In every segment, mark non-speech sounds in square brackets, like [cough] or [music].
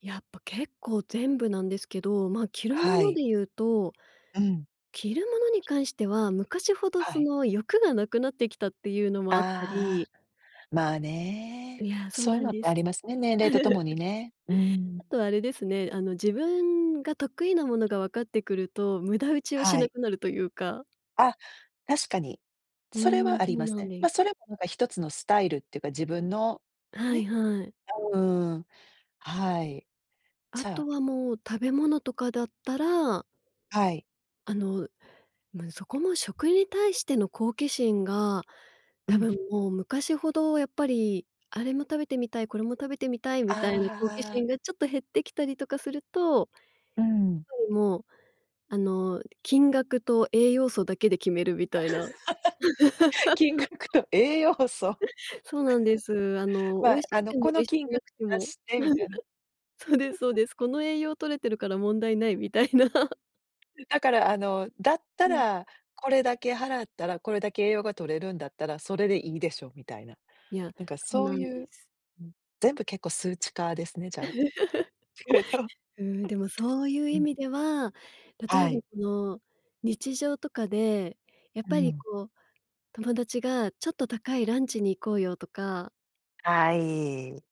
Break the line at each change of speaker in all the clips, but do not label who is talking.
やっぱ結構全部なんですけど、まあ、着るも
は
の
い。
で言うと
うん。
着るものに関しては、昔ほど
は
そ
い。
の欲が無くなってきたっていうのもあった
あ
り
あ、まあね。
いや、そう
そういう
なん
のっ
で
てあり
す。
ますね、年齢と共に
[chuckles]
ね。うん。
あと、あれですね、あの自分が得意なものが分かってくると、無駄打ちをし
は
な
い。
くなるというか。
あっ、確かに。
う
それ
ん、
はあ
そ
り
う
ます
なん
ね。
で
ま、
す。
それも何か一つのスタイルっていうか、自分の
はい
ね。
はい。
うーん、はい。
あ
じゃあ
とは、もう食べ物とかだったら
はい。
あの、ま、そこも、食に対しての好奇心が、
う
多
ん。
分もう昔ほどやっぱり、あれも食べてみたい、これも食べてみたい
あ
みたいな、好奇
あ。
心がちょっと減ってきたりとかすると
うん。
やっぱりもう、あの、金額と栄養素だけで決めるみたいな。
[laughs] 金額と栄養素。
[laughs] そうなんです。あ
[laughs]
の、美
ま
味
あ、
し
あ
く
の
ても、
こ
美
の
味し
金
くな
額
くて
出
も。
してみたいな。
[chuckles] そうですそう
[chuckles]
です。この栄養取れてるから問題ないみたいな。
だから、あの、だった
うん。
ら、これだけ払ったら、これだけ栄養が摂れるんだったら、それでいいでしょみたいな。
いや、
なんか
そう
そう
なんで
いう、
す。
[unintelligible] 全部結構数値化ですね、じゃあ。[unintelligible]
[chuckles] うん、でもそういう
う
意
ん。
味では、例
は
えば
い。
この日常とかで、やっ
う
ぱり
ん。
こう、友達がちょっと高いランチに行こうよとか。
はい。うん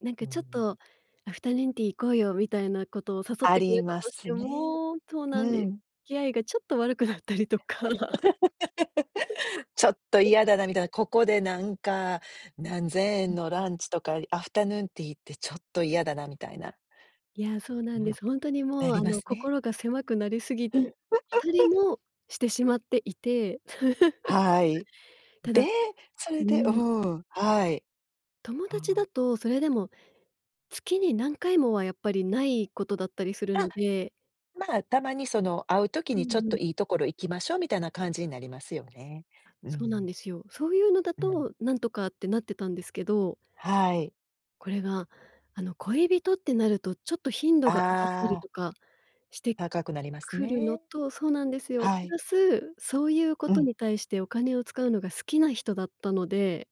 なん
う
かちょっ
ん。
とアフタヌーンティー行こうよ、みたいなことを誘っ
あ
てく
り
れた
ま
とし
す
て
ね。
もそう
う
なんです。
ん。
付き合いがちょっと悪くなったりとか。
[laughs] ちょっと
[laughs]
嫌だなみたいな、ここで何か、何千円の
[unintelligible]
ランチとか、アフタヌーンティーって、ちょっと嫌だなみたいな。
いや、そう
う
なん
ん。
です。ほんとに
な
もう
り
あ
ま
の、
すね。
心が狭くなりすぎ
うん。
たり
[chuckles]
も、してしまっていて。
はい。
[chuckles] た
で、
だ
そ
う
れでう
ん。
ん、はい。
友
あ
達だ
あ。
と、それでも月に、何回もは、やっぱりないことだったりする
あ。
ので
ま、たまにその、会う時
う
にちょっ
んうん。
といいところ行きましょう、みたいな感じになりますよね。
あ、
う
そうなん
ん。
ですよ。そういうのだ
うん。
と、何とかってなってたんですけど。
はい。
これが、あの、恋人ってなると、ちょっと頻度が上がった
あ
り
あ。
とかして
高くなります
くるの
ね。
とそうなんですよ。
は
プ
い。
ラス、そういうこ
う
と
ん。
に対して、お金を使うのが好きな人だったので